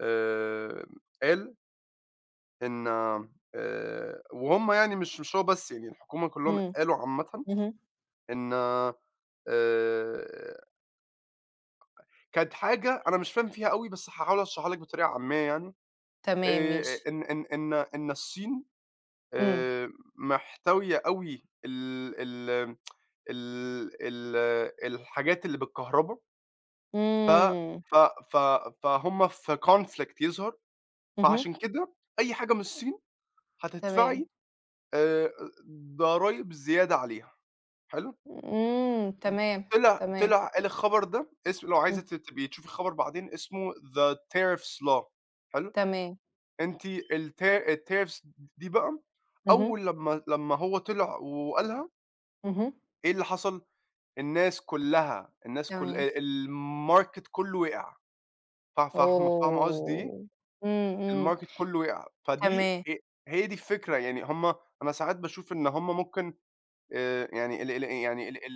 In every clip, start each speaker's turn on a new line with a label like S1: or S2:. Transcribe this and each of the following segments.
S1: آآ قال إن آآ وهُم يعني مش مش هو بس يعني الحكومة كلهم
S2: إمم،
S1: قالوا عامةً
S2: اهم.
S1: إن آآ كانت حاجة أنا مش فاهم فيها أوي، بس هاحاول أشرحها لِك بطريقة عامية يعني.
S2: تمام،
S1: آآ
S2: ماشي.
S1: إن إن إن إن الصين
S2: إمم.
S1: آآ محتوية أوي ال ال ال ال الحاجات اللي بالكهربا. ف
S2: إمم.
S1: ف ف فهُم في conflict يظهر،
S2: اهم.
S1: فعشان كده أي حاجة من الصين
S2: تمام.
S1: هتدفعي آآ ضرايب زيادة عليها حلو؟
S2: إمم تمام
S1: [unintelligible] طِلع
S2: تمام.
S1: طِلع قال الخبر ده اسم لو عايزة
S2: [unintelligible]
S1: ت تبقي تشوفي الخبر بعدين اسمه The Tariffs law حلو؟
S2: تمام.
S1: أنتِ الت الtariffs د دي بقى
S2: اهم.
S1: أول لمّا لمّا هو طِلع وقالها
S2: اهم.
S1: إيه اللي حصل؟ الناس كلها الناس ك
S2: تمام.
S1: آآ الماركت كله وقع. فا فاهمة فاهمة قصدي إيه؟
S2: أوه! إمم، إمم،
S1: الماركت كله وقع فدي
S2: تمام.
S1: ه هي دي الفكرة، يعني هُم أنا ساعات باشوف إن هُم ممكن آآ يعني ال ال يعني ال ال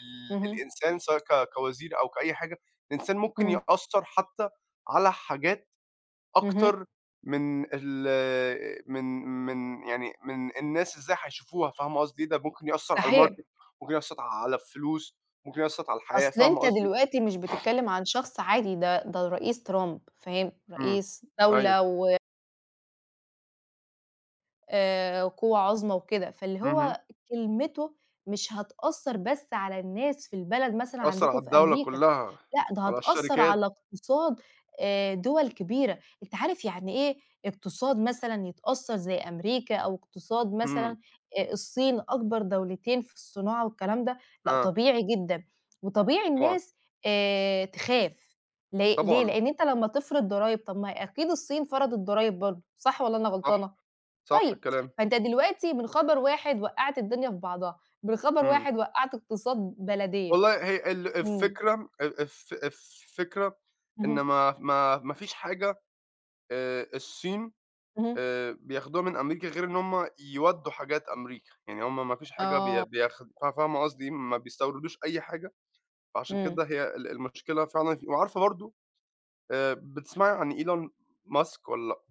S1: ال
S2: اهم.
S1: الإنسان سواء ك كوزير أو كأي حاجة، الإنسان ممكن
S2: إمم.
S1: يأثر حتى على حاجات
S2: اهم.
S1: أكتر من ال من من يعني من الناس إزاي هيشوفوها فاهمة قصدي إيه؟ ده ممكن يأثر على
S2: صحيح.
S1: الماركت، ممكن يأثر على الفلوس، ممكن يأثر على الحياة
S2: أصل
S1: فاهمة
S2: أنت
S1: قصدي؟
S2: دلوقتي مش بتتكلم عن شخص عادي ده ده الرئيس ترامب فاهم؟
S1: إمم
S2: رئيس
S1: أيوه.
S2: دولة و آآ قوة عظمى وكده، فاللي
S1: اهم.
S2: هو كلمته مش هتأثر بس على الناس في البلد مثلًا
S1: يأثر على
S2: عندكم في
S1: الدولة
S2: أمريكا
S1: كلها،
S2: لأ، ده
S1: على
S2: هتأثر على
S1: الشركات.
S2: اقتصاد آآ دول كبيرة، أنت عارف يعني إيه اقتصاد مثلًا يتأثر زي أمريكا، أو اقتصاد
S1: إمم.
S2: مثلًا آآ الصين أكبر دولتين في الصناعة والكلام ده، لأ
S1: آه.
S2: طبيعي جدًا وطبيعي
S1: طبعًا.
S2: الناس آآ تخاف ل ليه؟
S1: طبعًا.
S2: لأن أنت لمّا تفرض ضرايب طَب ما أكيد الصين فرضت ضرايب برضه صح والّا أنا
S1: صح
S2: غلطانة؟
S1: صح
S2: طيب
S1: الكلام.
S2: فأنت دلوقتي من خبر واحد وقعت الدنيا في بعضها من خبر
S1: إمم.
S2: واحد وقعت اقتصاد بلدين.
S1: والله هي ال
S2: إمم.
S1: الفكرة ال الف الفكرة إن
S2: اهم.
S1: ما ما ما فيش حاجة آآ الصين
S2: اهم.
S1: آآ بياخدوها من أمريكا غير إن هُم يودوا حاجات أمريكا، يعني هُم ما فيش حاجة بي
S2: آه.
S1: بياخ ف فاهمة قصدي، ما بيستوردوش أي حاجة، فعشان
S2: إمم.
S1: كده هي ال المشكلة فعلًا وعارفة برضه آآ بتسمعي عن إيلون ماسك والّا لأ؟